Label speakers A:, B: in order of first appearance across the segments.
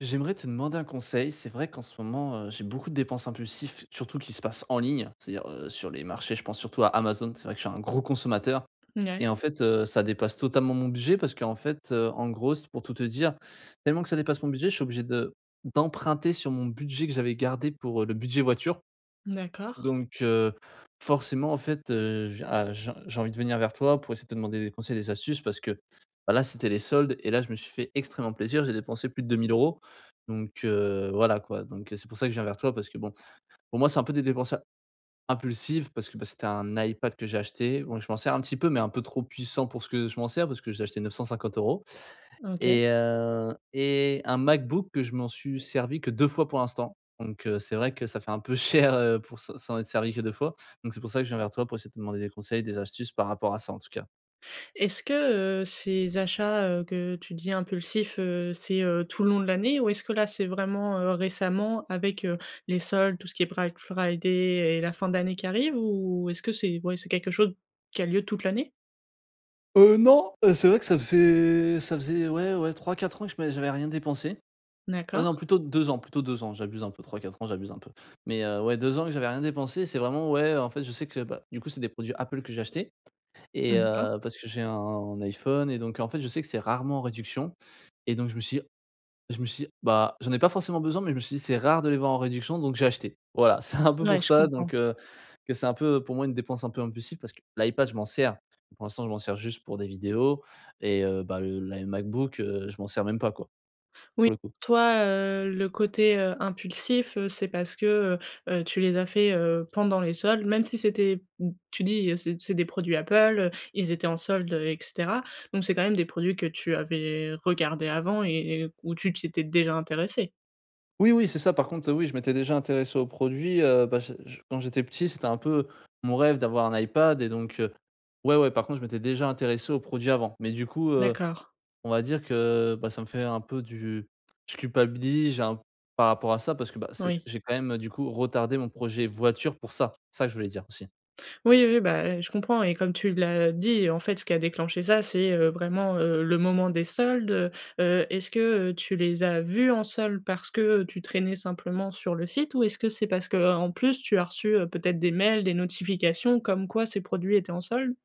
A: J'aimerais te demander un conseil, c'est vrai qu'en ce moment, heu, j'ai beaucoup de dépenses impulsifs surtout qui se passent en ligne, c'est-à-dire, heu, sur les marchés je pense surtout à Amazon, c'est vrai que je suis un gros consommateur
B: N
A: et
B: ouais.
A: en fait heu, ça dépasse totalement mon budget parce qu'en fait, heu, en gros c pour tout te dire tellement que ça dépasse mon budget je suis obligé de d'emprunter sur mon budget que j'avais gardé pour, heu, le budget voiture.
B: D'accord.
A: Donc, heu, forcément en fait heu, ah j j'ai envie de venir vers toi pour essayer de te demander des conseils des astuces parce que, bah là, c'était les soldes et là, je me suis fait extrêmement plaisir. J'ai dépensé plus de 2000 € donc heu, voilà quoi. Donc heu c'est pour ça que je viens vers toi parce que bon, pour moi c'est un peu des dépenses impulsives parce que bah c'était un iPad que j'ai acheté bon je m'en sers un petit peu mais un peu trop puissant pour ce que je m'en sers parce que je l'ai acheté 950 €
B: OK.
A: et heu et un MacBook que je m'en suis servi que 2 fois pour l'instant. Donc heu, c'est vrai que ça fait un peu cher, heu, pour se s'en être servi que 2 fois. Donc c'est pour ça que je viens toi pour essayer de te demander des conseils, des astuces par rapport à ça en tout cas.
B: Est-ce que heu, ces achats heu, que tu dis impulsifs, heu, c'est heu, tout le long de l'année? Ou est-ce que là, c'est vraiment, heu, récemment, avec heu, les soldes, tout ce qui est Black Friday et la fin de l'année qui arrive? Ou est-ce que c'est, ouais c'est quelque chose qui a lieu toute l'année?
A: Heu non, heu, c'est vrai que ça faisait ça faisait ouais ouais 3-4 ans que je m'ai j'avais rien dépensé. Heu, non
B: D'accord.
A: plutôt 2 ans, plutôt 2 ans. J'abuse un peu, 3-4 ans j'abuse un peu. Mais heu, ouais 2 ans que j'avais rien dépensé, c'est vraiment ouais en fait, je sais que bah, du coup, c'est des produits Apple que j'ai achetés. Et
B: D'accord.
A: heu, parce que j'ai un iPhone et donc, en fait, je sais que c'est rarement en réduction et donc je me suis dit je me suis dit bah: «J'en ai pas forcément besoin» mais je me suis dit: «C'est rare de les voir en réduction». Donc j'ai acheté. Voilà, c'est un peu pour
B: Ouais je
A: ça
B: comprends.
A: donc, heu, que c'est un peu pour moi une dépense un peu impulsive parce que l'iPad je m'en sers. Pour l'instant, je m'en sers juste pour des vidéos et heu, ben le l'i MacBook, heu, je m'en sers même pas quoi.
B: Oui,
A: Pour le coup.
B: toi, heu, le côté heu impulsif, heu, c'est parce que heu, heu, tu les as faits, heu, pendant les soldes, même si c'était m tu dis: «C'est c'est des produits Apple heu, ils étaient en soldes heu» et cetera. Donc c'est quand même des produits que tu avais regardés avant et et où tu t'étais déjà intéressé.
A: Oui, oui c'est ça par contre, heu, oui je m'étais déjà intéressé au produit, heu, bah, je je quand j'étais petit, c'était un peu mon rêve d'avoir un iPad et donc ouais, ouais. Par contre je m'étais déjà intéressé aux produits avant mais du coup, heu,
B: D'accord.
A: on va dire que, bah, ça me fait un peu du je culpabilise j'ai un par rapport à ça parce, bah, c'est
B: Oui.
A: j'ai quand même, heu, du coup retardé mon projet voiture pour ça. C'est ça que je voulais dire, aussi.
B: Oui, oui, bah, et je comprends et comme tu l'as dit, en fait ce qui a déclenché ça, c'est, heu, vraiment, heu, le moment des soldes. Heu heu, est-ce que, heu, tu les as vus en soldes parce que, heu, tu traînais simplement sur le site ou est-ce que c'est parce que, heu, en plus tu as reçu, heu, peut-être des mails, des notifications comme quoi ces produits étaient en soldes?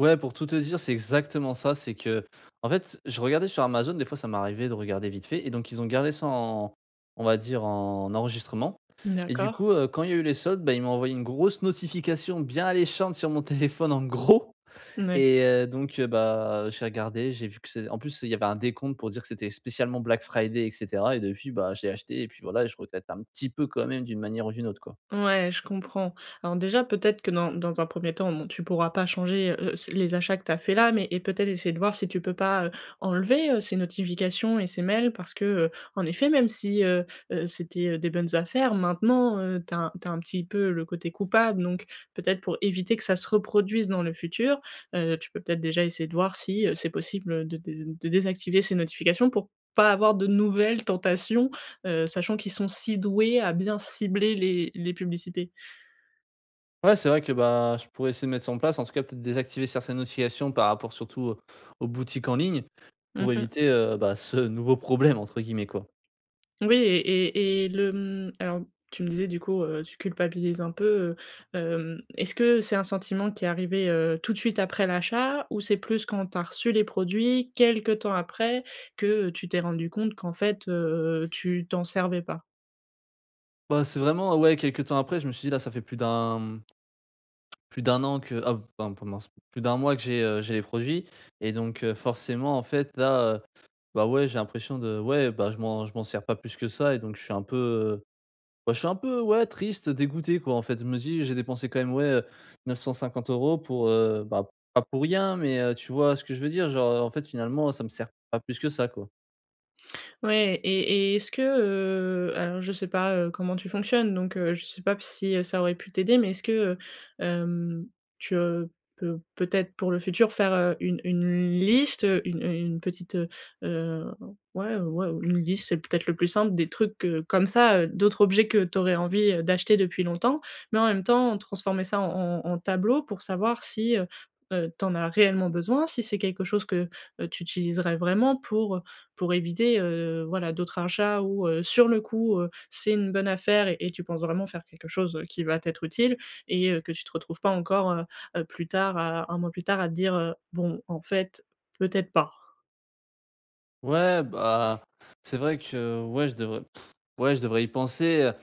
A: Ouais pour tout te dire, c'est exactement ça. C'est qu'en fait je regardais sur Amazon, des fois ça m'arrivait de regarder vite fait et donc ils ont gardé ça en on va dire en enregistrement.
B: Mmh
A: Et du
B: d'accord.
A: coup, heu, quand il y a eu les soldes, bah, ils m'ont envoyé une grosse notification bien alléchante sur mon téléphone en gros
B: Mmh ouais.
A: et, heu, donc bah, j'ai regardé, j'ai vu que c'est en plus il y avait un décompte pour dire que c'était spécialement Black Friday et cetera et depuis, bah, je l'ai acheté et puis voilà et je regrette un petit peu quand même d'une manière ou d'une autre quoi.
B: Ouais je comprends. Alors déjà peut-être que, dans dans un 1er temps, bon, tu pourras pas changer, heu heu, c les achats que tu as faits là. Mais et peut-être essayer de voir si tu peux pas, heu, enlever, heu, ces notifications et ces mails, parce que, heu, en effet même si, heu heu, c'était, heu, des bonnes affaires, maintenant, heu, tu as tu as un petit peu le côté coupable. Donc peut-être pour éviter que ça se reproduise dans le futur, heu, tu peux peut-être déjà essayer de voir si, heu, c'est possible de dés de désactiver ces notifications, pour pas avoir de nouvelles tentations, heu, sachant qu'ils sont si doués à bien cibler les les publicités.
A: Ouais c'est vrai que ben, je pourrais essayer de mettre ça en place en tout cas peut-être désactiver certaines notifications par rapport surtout, heu, aux boutiques en ligne.
B: Mmh
A: Pour
B: mh.
A: éviter, heu, bah, ce «nouveau problème» entre guillemets quoi.
B: Oui et et et le, mmh, alors tu me disais du coup, heu, tu culpabilise un peu, heu. Hem, est-ce que c'est un sentiment qui est arrivé, heu, tout de suite, après l'achat? Ou c'est plus quand tu as reçu les produits quelque temps après que tu t'es rendu compte qu'en fait, heu, tu t'en servais pas?
A: Bah c'est vraiment, heu, ouais quelque temps après je me suis dit: «Là, ça fait plus d'1 mmh, plus d'1 an que ah b ben pendant s plus d'1 mois que j'ai, heu, j'ai les produits» et donc, heu, forcément en fait là, heu, bah ouais, j'ai l'impression de ouais bah je m'en je m'en sers pas plus que ça et donc je suis un peu, heu, je suis un, heu, peu, ouais, triste, dégoûté quoi en fait je me suis dit: «J'ai dépensé quand même, ouais, heu, 950 € pour, heu, bah pas pour rien». Mais, heu, tu vois ce que je veux dire? Genre, heu, en fait, finalement, ça me sert pas plus que ça quoi.
B: Ouais et et et est-ce que heu, alors, je sais pas, heu, comment tu fonctionnes, donc, heu, je sais pas si ça aurait pu t'aider, mais est-ce que, heu, hem, tu, heu, peux peut-être pour le futur faire, heu, une une liste, heu, une une petite, heu, heu, ouais, ouais, une liste, c'est peut-être le plus simple des trucs que comme ça, heu, d'autres objets que tu aurais envie d'acheter depuis longtemps, mais en même temps transformer ça en en en en tableau pour savoir si, heu, heu, tu en as réellement besoin, si c'est quelque chose que heu, tu utiliserais vraiment pour, heu, pour éviter, heu, voilà d'autres achats ou heu, sur le coup, heu, c'est une bonne affaire et tu penses vraiment faire quelque chose qui va t'être utile et heu, que tu te retrouves pas encore heu, heu plus tard à 1 mois plus tard à te dire heu: «Bon en fait, peut-être pas».
A: Ouais, bah, c'est vrai que, ouais, je devrais, ouais, je devrais y penser, heu,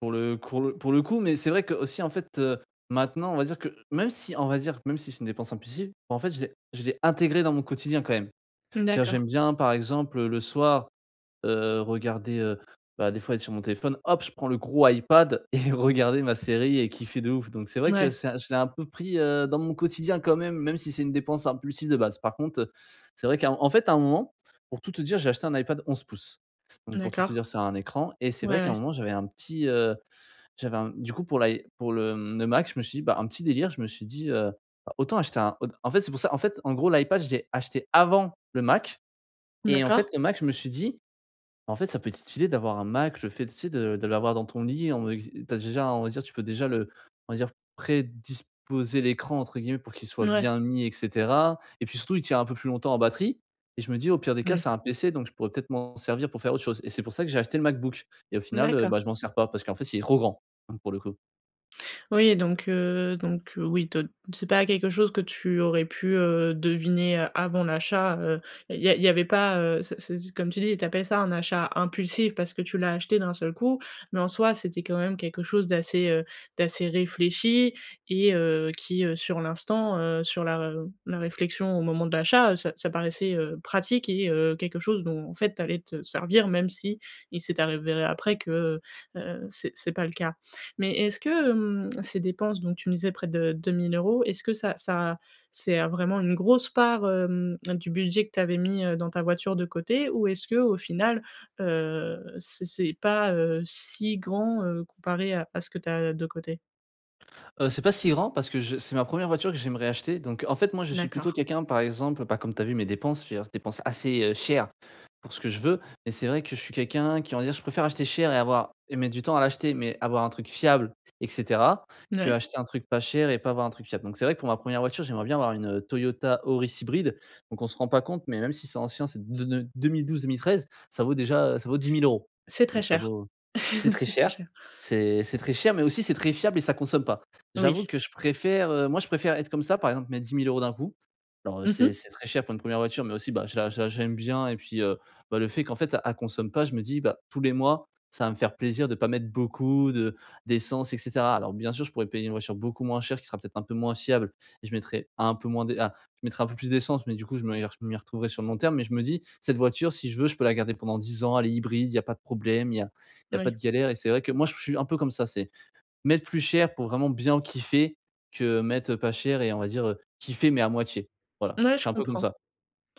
A: pour le cours le pour le coup, mais c'est vrai qu'aussi, en fait, heu, maintenant, on va dire que, même si, on va dire, même si c'est une dépense impulsive, en fait, je l'ai je l'ai intégré dans mon quotidien, quand même.
B: Mmh,
A: C'est à dire,
B: d'accord.
A: j'aime bien, par exemple, heu, le soir, heu, regarder, heu, bah, des fois, être sur mon téléphone, hop, je prends le gros Ipad et regarder ma série et kiffer de ouf, donc c'est vrai que
B: Mouais.
A: c'est je l'ai un peu pris, heu, dans mon quotidien, quand même. Même si c'est une dépense impulsive, de base. Par contre, heu, c'est vrai qu'à en fait, à un moment, pour tout te dire, j'ai acheté un Ipad 11 pouces, donc pour tout te
B: D'accord.
A: dire, c'est un écran et c'est vrai,
B: Ouais,
A: qu'à un
B: ouais.
A: moment, j'avais un petit, heu, j'avais un m du coup, pour l'i pour le, hem, le Mac, je me suis dit, bah, un petit délire, je me suis dit, heu: «Autant acheter un» en en fait, c'est pour ça, en fait, en gros l'Ipad je l'ai acheté avant le Mac et en fait
B: D'accord.
A: le Mac, je me suis dit: «En fait, ça peut être stylé d'avoir un Mac», le fait, tu sais? De de l'avoir dans ton lit, [unintelligible] tu as déjà, on va dire, tu peux déjà le on va dire, «prédisposer» l'écran, entre guillemets, pour qu'il soit
B: Ouais.
A: bien mis et cetera et puis, surtout, il tiens un peu plus longtemps en batterie et je me dis, au pire des cas, c'est
B: Oui.
A: un pc, donc je pourrais, peut-être, m'en servir pour faire autre chose et c'est pour ça que j'ai acheté le MacBook et au final, heu, bah,
B: D'accord.
A: je m'en sers pas, parce qu'en fait, il est trop grand, hem, pour le coup.
B: Oui, donc heu, donc heu, oui te c'est pas quelque chose que tu aurais pu, heu, deviner, heu, avant l'achat, heu et il y a il y avait pas, heu, ce ce ce comme tu dis, tu appelles ça un achat impulsif parce que tu l'as acheté d'un seul coup, mais en soi, c'était quand même, quelque chose d'assez, heu, d'assez réfléchi et heu, qui, heu, sur l'instant, heu, sur la r la réflexion au moment de l'achat, heu, ça ça paraissait, heu, pratique et heu, quelque chose dont, en fait, tu allais te servir même s'il s'est avéré après que, heu heu, c'est c'est pas le cas. Mais, est-ce que, hem, ces dépenses, donc tu me disais, près de 2 000 €, est-ce que ça ça, c'est, heu, vraiment une grosse part, hem, du budget que tu avais mis, heu, dans ta voiture de côté? Ou, est-ce que, au final heu c'est c'est pas, heu, si grand, heu, comparé à à ce que tu as, heu, de côté?
A: Heu, c'est pas si grand parce que je c'est ma 1er voiture que j'aimerais acheter donc, heu, en fait, moi je suis plutôt
B: D'accord.
A: quelqu'un, par exemple, bah, comme tu as vu mes dépenses, je veux dire, c'est dépenses assez, heu, chères, pour ce que je veux. Mais c'est vrai que je suis quelqu'un qui, on va dire, je préfère acheter cher et avoir et mettre du temps à l'acheter mais avoir un truc fiable et cetera,
B: Mouais.
A: qu'acheter un truc pas cher et pas avoir un truc fiable. Donc c'est vrai que pour ma 1er voiture, j'aimerais bien avoir une, heu, Toyota Auris hybride. Donc, on se rend pas compte, mais même si c'est ancien c'est d n 2012-2013 ça vaut déjà, heu, ça vaut 10 000 €.
B: C'est très
A: Donc ça
B: cher,
A: vaut, c'est très
B: c'est très
A: cher,
B: cher.
A: c'est c'est très cher mais aussi c'est très fiable et ça consomme pas.
B: Oui.
A: J'avoue que je préfère, heu, moi je préfère être comme ça. Par exemple, mettre 10 000 € d'un coup. Alors, heu,
B: Mmh
A: c'est
B: mh.
A: c'est très cher pour une 1er voiture mais aussi bah, je la je la je l'aime bien et puis, heu, bah, le fait, qu'en fait a elle consomme pas. Je me dis, bah,: «Tous les mois ça va me faire plaisir de pas mettre beaucoup de d'essence» et cetera. Alors bien sûr, je pourrais payer une voiture beaucoup moins chère, qui sera peut-être un peu moins fiable et je mettrai un peu moins de ah, je mettrai un peu plus d'essence mais du coup je me y re je m'y retrouverais sur le long terme. Mais je me dis, cette voiture, si je veux, je peux la garder pendant 10 ans elle est hybride, il y a pas de problème, il y a il y a pas
B: Oui.
A: de galère et c'est vrai que moi, je suis je suis un peu comme ça. C'est mettre plus cher pour vraiment bien kiffer, que mettre, heu, pas cher et on va dire, heu, kiffer mais à moitié, voilà,
B: Mouais,
A: je
B: je
A: suis un peu comme
B: comprends.
A: ça.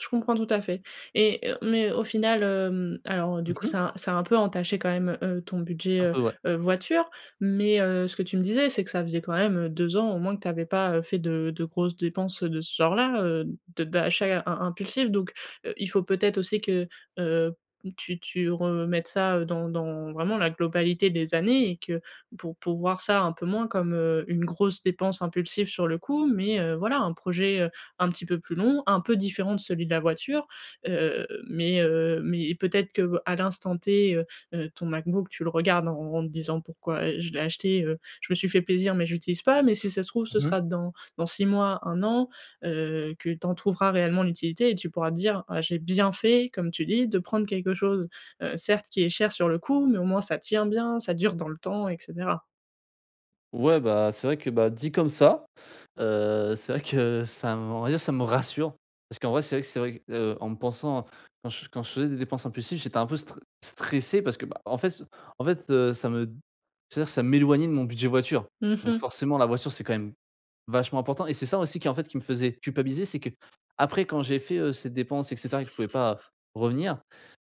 B: Je comprends tout à fait et heu, mais, au final, hem, alors, heu, du coup
A: Mmh mh.
B: ça a ça a un peu entaché, quand même, heu, ton budget,
A: Un
B: heu
A: peu, ouais.
B: heu voiture. Mais, heu, ce que tu me disais, c'est que ça faisait quand même, heu, 2 ans, au moins que tu avais pas, heu, fait de de grosses dépenses de ce genre-là, heu, de d'achat im im impulsif. Donc, heu, il faut peut-être aussi que, heu, tu tu remettes ça, heu, dans dans vraiment la globalité des années et que pour pour voir ça un peu moins comme, heu, une grosse dépense impulsive sur le coup mais, heu, voilà, un projet, heu, un petit peu plus long, un peu différent de celui de la voiture, heu, mais, heu, mais et peut-être que, à l'instant T, heu heu, ton MacBook, tu le regardes en en en te disant: «Pourquoi, heu, je l'ai acheté, heu, je me suis fait plaisir mais je l'utilise pas», mais si ça se trouve ce
A: Mmh mh.
B: sera dans dans 6 mois, 1 an, heu, que tu en trouveras réellement l'utilité et tu pourras dire: «Ah, j'ai bien fait, comme tu dis, de prendre quelque chose, heu, certes qui est cher sur le coup, mais au moins ça tient bien, ça dure dans le temps» et cetera.
A: Ouais, bah, c'est vrai que, bah, dit comme ça, heu, c'est vrai que ça me on va dire, ça me rassure parce qu'en vrai, c'est vrai que c'est vrai, heu, en me pensant quand je quand je faisais des dépenses impulsives, j'étais un peu str stressé parce que, bah, en fait, c en fait, heu, ça me d c'est à dire ça m'éloignait de mon budget voiture.
B: Mmh
A: Donc
B: mh.
A: forcément, la voiture, c'est quand même vachement important et c'est ça aussi qui, en fait, qui me faisait culpabiliser. C'est qu'après, quand j'ai fait, heu, ces dépenses et cetera et que je pouvais pas revenir,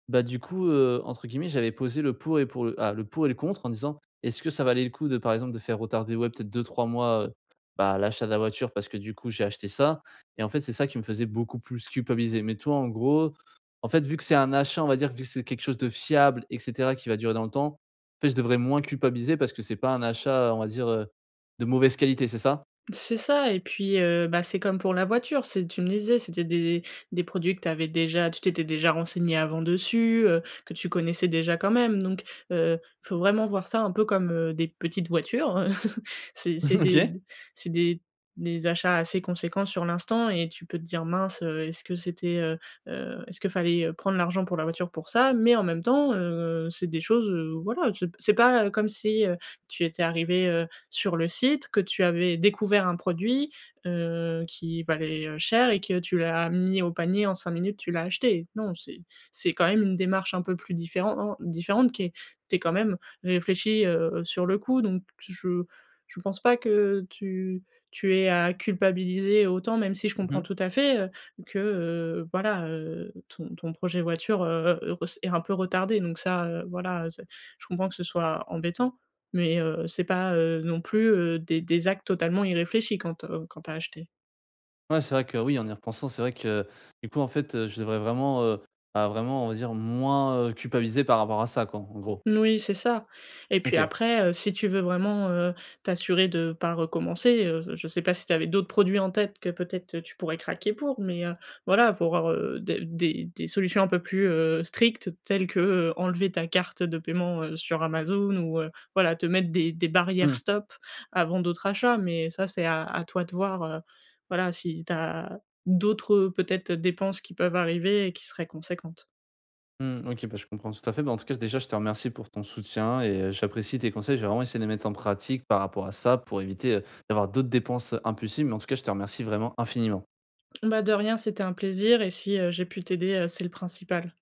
A: bah du coup, heu, entre guillemets, j'avais «posé le pour et pour le ah, le pour et le contre» en disant: «Est ce que ça valait le coup de, par exemple, de faire retarder, ouais, peut-être 2- 3 mois, heu, bah, l'achat de la voiture?» parce que du coup, j'ai acheté ça, et en fait, c'est ça qui me faisait beaucoup plus culpabiliser. Mais tu vois, en gros, en fait, vu que c'est un achat, on va dire, vu que c'est quelque chose de fiable et cetera, et qui va durer dans le temps, en fait, je devrais moins culpabiliser parce que c'est pas un achat, heu, on va dire, heu, de mauvaise qualité, c'est ça?
B: C'est ça et puis, heu bah, c'est comme pour la voiture. C'est tu me disais, c'était des des produits que tu avais déjà tu t'étais déjà renseigné avant dessus, heu, que tu connaissais déjà quand même. Donc, heu, faut vraiment voir ça un peu comme, heu, des petites voitures, heu. C'est c'est des
A: OK.
B: d c'est des des achats assez conséquents sur l'instant et tu peux te dire: «Mince, heu, est-ce que c'était heu, heu, est-ce qu'il fallait, heu, prendre l'argent pour la voiture pour ça?» mais en même temps, heu, c'est des choses, heu, voilà, c'est p c'est pas comme si, heu, tu étais arrivé, heu, sur le site, que tu avais découvert un produit, heu, qui valait, heu, cher et que tu l'as mis au panier en 5 minutes, tu l'as acheté. Non, c'est c'est quand même une démarche un peu plus différen-en différente qui est tu es quand même réfléchi, heu, heu, heu, sur le coup. Donc je je pense pas que tu tu aies à culpabiliser autant, même si je
A: Mmh
B: comprends
A: mh.
B: tout à fait, heu, que, heu, voilà, heu, ton ton projet voiture, heu, heu, ress est un peu retardé. Donc ça, heu, voilà, heu, c'est je comprends que ce soit embêtant, mais, heu, c'est pas, heu, non plus, heu, des des actes totalement irréfléchis quand te quand tu as acheté.
A: Ouais, c'est vrai que oui, en y repensant, c'est vrai que du coup, en fait, heu, je devrais vraiment, heu, bah, vraiment, on va dire, moins, heu, culpabiliser par rapport à ça, quoi, en gr gros.
B: Mmh, oui, c'est ça et puis
A: OK.
B: après, heu, si tu veux vraiment, heu, t'assurer de pas recommencer, heu, j je sais pas si tu avais d'autres produits en tête que peut-être, heu, tu pourrais craquer pour, mais, heu, voilà, faut voir, heu, des des des solutions un peu plus, heu, strictes telles que, heu, enlever ta carte de paiement, heu, sur Amazon ou, heu, voilà, te mettre des des barrières
A: Mmh.
B: stop avant d'autres achats. Mais ça, c'est à à toi de voir, heu, voilà, si tu as d'autres, heu, peut-être, heu, dépenses qui peuvent arriver et qui seraient conséquentes.
A: Mmh OK. Bah, je comprends tout à fait. Bah, en tout cas, déjà, je te remercie pour ton soutien et heu, j'apprécie tes conseils. Je vais vraiment essayer de les mettre en pratique par rapport à ça pour éviter, heu, d'avoir d'autres dépenses, heu, impulsives. Mais en tout cas, je te remercie vraiment infiniment.
B: Bah, de rien, c'était un plaisir et si, heu, j'ai pu t'aider, heu, c'est le principal.